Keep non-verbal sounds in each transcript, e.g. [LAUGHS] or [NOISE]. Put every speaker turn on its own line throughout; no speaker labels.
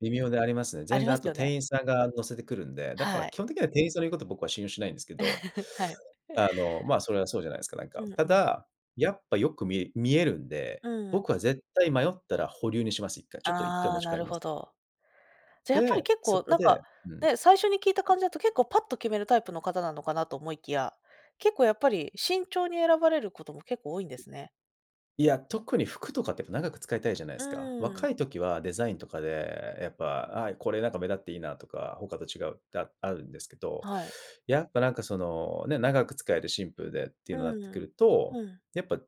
微妙でありますね。
あ
全
り
然
ま
あ
す
と
よ
店
ね。
員さんが乗せてくるんで、だから
は
基
い。
本的には店員さんの言うこと僕は信用しないんですけど、
[LAUGHS] はい。
あの、まあ、それはそうじゃないですか、なんか。
うん
た
うん。
だ、やっぱよく見え見えるんで、
うん。
僕は絶対迷ったら保留にします、一回、ちょっと一回
あ
持
あ、
ち帰
な
り
る
ます。
ほど。じゃやっぱり
で、
結
そ
構
こ
なん
で
か
うん。
ね、最初に聞いた感じだと結構パッと決めるタイプの方なのかなと思いきや、結構やっぱり慎重に選ばれることも結構多いんですね。
いや、特に服とかってやっぱ長く使いたいじゃないで
う
すか。
ーん。
若い時はデザインとかで、やっぱ、あ、これなんか目立っていいなとか、他と違うってあるんですけど、
はい。
やっぱなんかそのね、長く使えるシンプルでってい
う
うのになってく
ん、
ると、
うん。
やっぱ、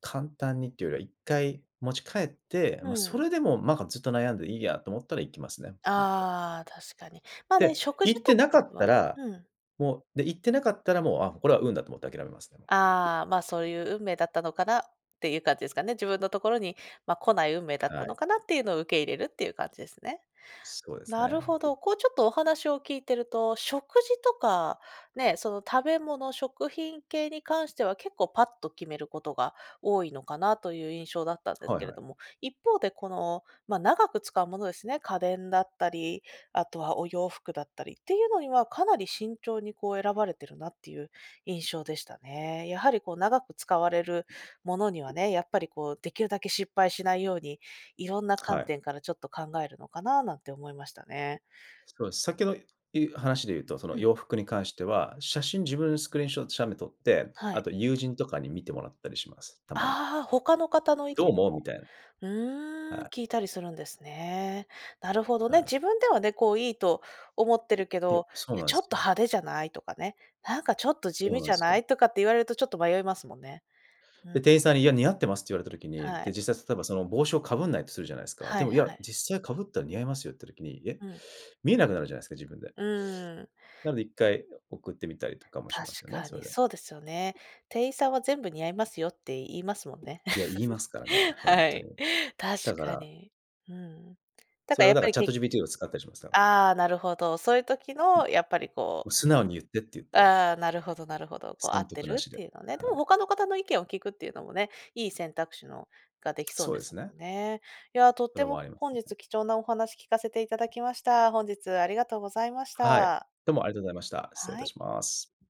簡単にっていうよりは、一回持ち帰って、ま
う
そ
ん。
れでもなんかずっと悩んでいいやと思ったら行きますね。もっかい。
ああ、確かに。まあね、
で、
食事
行っ
と
て
か
無かった
はね、
ら
うん。
もう、で、行って無かったらもう、あ、これは運だと思って諦めますね、もう。
ああま、「そういう運命だったのかな」っていう感じですかね。「自分のところにま来ない運命だっ
は
たの
い。
かな」っていうのを受け入れるっていう感じですね。
そうです
なる
ね。
ほど。こうちょっとお話を聞いてると、食事とか、ね、その食べ物、食品系に関しては結構パッと決めることが多いのかなという印象だったんです
はい
けれ
はい。
ども、一方でこの、ま長く使うものですね。家電だったり。あとはお洋服だったりっていうのにはかなり慎重にこう選ばれているなっていう印象でしたね。やはりこう長く使われるものにはね、やっぱりこうできるだけ失敗しないように、いろんな
は
観
い。
点からちょっと考えるのかななんて思いましたね。
そうです。さっきのい話で言うと、その
うん。
洋服に関しては、写真自分スクリーンショット写メ撮って、
は
あ
い。
と友人とかに見てもらったりします、たまに。
ああ、他の方の意
「どう
見
思う？」み
も
たいな。
う
は
ーん、
い。
聞いたりするんですね。なるほど
は
ね。
い。
自分ではね、こう、いいと思ってるけ
いや、
ど
そ
「い
う
や、
なん
ちょっ
す
と派
よ。
手じゃない？」とかね「なんかちょっと地
そう
味
な
じ
ん
ゃ
す
な
よ。
い？」とかって言われるとちょっと迷いますもんね。うん。
で、店員さんに「いや似合ってます」って言われた時に、
は
で、
い。
実際例えばその帽子をかぶんないとするじゃないですか。
は
で
い
も、い
は
や、
い。
実際かぶったら似合いますよって時に、え、
うん。
見えなくなるじゃないですか、自分で。
うーん。
なので一回送ってみたりとかもし
確
ますよね、
か
それ
に
で。
そうですよね。店員さんは全部似合いますよって言いますもんね。
いや、言いま
[LAUGHS]
すからね、ほん
は
と
い、
に。
確
だか
か
ら
に。うん。だ
そ
か
れ
ら
は
やっ
だか
ぱ
ら
りけ
ChatGPT を使ったりしますから。
ああ、なるほど、そういう時
も
のやっぱりこう
う「素直に言って」って言って。
ああ、なるほどなるほど。こう合
損
って
得な
る
し
っ
で、
ていうのね。で
は
も
い。
他の方の意見を聞くっていうのもね、いい選択肢のができそう
そう
で
で
す
すね。
もんね。いや、とっ
それ
て
は
も
あります
本日
ね。
貴重なお話聞かせていただきました。本日ありがとうございまし
はい、
た。
どうもありがとうございました。失礼い
は
た
い。
します。